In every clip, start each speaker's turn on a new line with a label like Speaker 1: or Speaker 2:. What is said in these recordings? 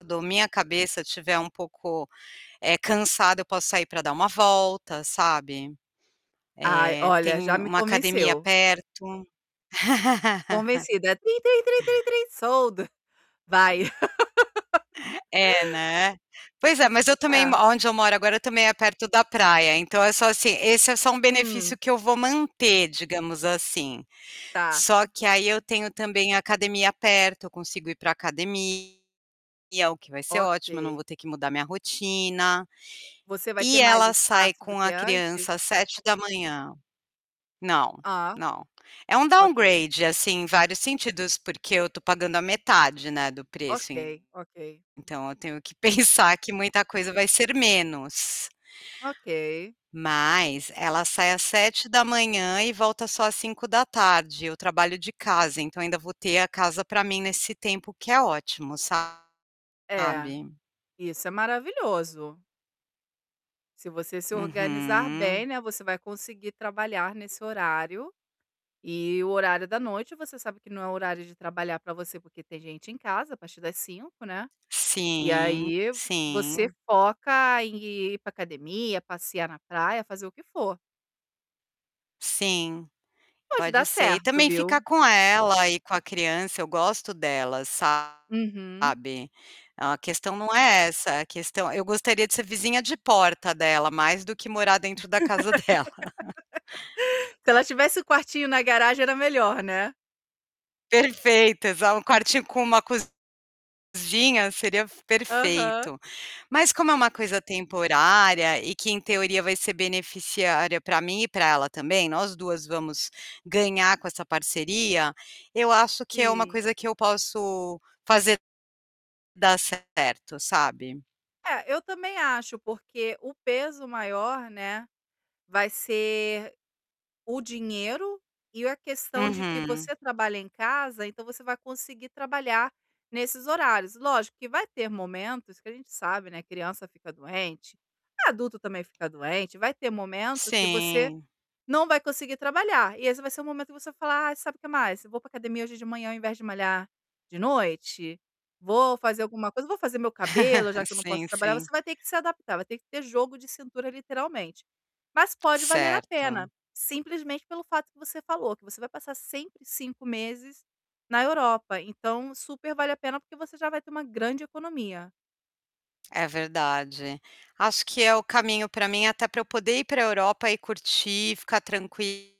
Speaker 1: Quando minha cabeça estiver um pouco, eh, cansada, eu posso sair para dar uma volta, sabe,
Speaker 2: Ai,
Speaker 1: eh,
Speaker 2: olha, já
Speaker 1: tem
Speaker 2: me
Speaker 1: uma academia
Speaker 2: convenceu.
Speaker 1: perto.
Speaker 2: Convencido, é: "Trim, trim, trim, trim, sold, vai".
Speaker 1: É, né? Pois é, mas eu também m
Speaker 2: É.
Speaker 1: aonde eu moro agora, também, é perto da praia, então é só ,assim esse é só um benefício
Speaker 2: Hum.
Speaker 1: que eu vou manter, digamos assim,
Speaker 2: Tá.
Speaker 1: só que, aí, eu tenho também a academia perto, eu consigo ir para academia, o que vai ser ótimo, eu não vou
Speaker 2: Ok.
Speaker 1: ter que mudar minha rotina
Speaker 2: Você vai ter
Speaker 1: e
Speaker 2: mais
Speaker 1: ela sai
Speaker 2: espaço do
Speaker 1: com
Speaker 2: que
Speaker 1: a
Speaker 2: antes?
Speaker 1: criança às 7h. Não,
Speaker 2: Ah,
Speaker 1: não, é um
Speaker 2: ok.
Speaker 1: downgrade, assim, em vários sentidos, porque eu estou pagando a metade, né, do preço
Speaker 2: Ok, ok.
Speaker 1: então eu tenho que pensar que muita coisa vai ser menos.
Speaker 2: Ok.
Speaker 1: Mas ela sai às 7h e volta só às 17h, eu trabalho de casa, então ainda vou ter a casa para mim nesse tempo, que é ótimo,
Speaker 2: É,
Speaker 1: sabe?
Speaker 2: isso é maravilhoso. Se você se organizar bem,
Speaker 1: Uhum.
Speaker 2: né, você vai conseguir trabalhar nesse horário e o horário da noite você sabe que não é o horário de trabalhar para você, porque tem gente em casa a partir das 17h, né, e
Speaker 1: Sim,
Speaker 2: aí, você
Speaker 1: sim.
Speaker 2: foca em ir para academia, passear na praia, fazer o que for.
Speaker 1: Sim,
Speaker 2: Pode dar
Speaker 1: pode ser e
Speaker 2: certo,
Speaker 1: também ficar
Speaker 2: viu?
Speaker 1: com ela e com a criança, eu gosto delas, sabe,
Speaker 2: Uhum.
Speaker 1: a questão não é essa, a questão eu gostaria de ser vizinha de porta dela, mais do que morar dentro da casa dela.
Speaker 2: Se ela tivesse o quartinho na garagem, era melhor, né?
Speaker 1: Perfeito, exa um quartinho com uma cozinha, seria f
Speaker 2: Aham.
Speaker 1: perfeito, mas como é uma coisa temporária e que em teoria, vai ser beneficiária para mim e para ela também, nós 2 vamos ganhar com essa parceria, eu acho que é uma
Speaker 2: Sim.
Speaker 1: coisa que eu posso fazer dar certo, sabe?
Speaker 2: É, eu também acho, porque o peso maior, né, vai ser o dinheiro e a questão de que
Speaker 1: Uhum.
Speaker 2: você trabalha em casa, então você vai conseguir trabalhar nesses horários, lógico que vai ter momentos que a gente, sabe, né, criança fica doente, adulto também fica doente, vai ter momento que você
Speaker 1: Sim.
Speaker 2: não vai conseguir trabalhar e esse vai ser um momento que você vai falar: "Ai, sabe o que mais? Eu vou para academia hoje de manhã ao invés de malhar de noite, vou fazer alguma coisa. Vou fazer meu cabelo, já que eu não
Speaker 1: Sim,
Speaker 2: posso trabalhar", você
Speaker 1: sim.
Speaker 2: vai ter que se adaptar, vai ter que ter jogo de cintura, literalmente, mas pode valer a pena,
Speaker 1: Certo.
Speaker 2: simplesmente pelo fato que você falou, que você vai passar sempre 5 meses na Europa, então supervale a pena, porque você já vai ter uma grande economia.
Speaker 1: É verdade, acho que é o caminho para mim, até para eu poder ir para Europa e curtir, ficar tranquila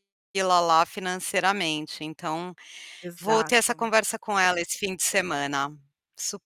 Speaker 1: lá, financeiramente, então vou ter essa
Speaker 2: Exato.
Speaker 1: conversa com ela esse fim de semana, su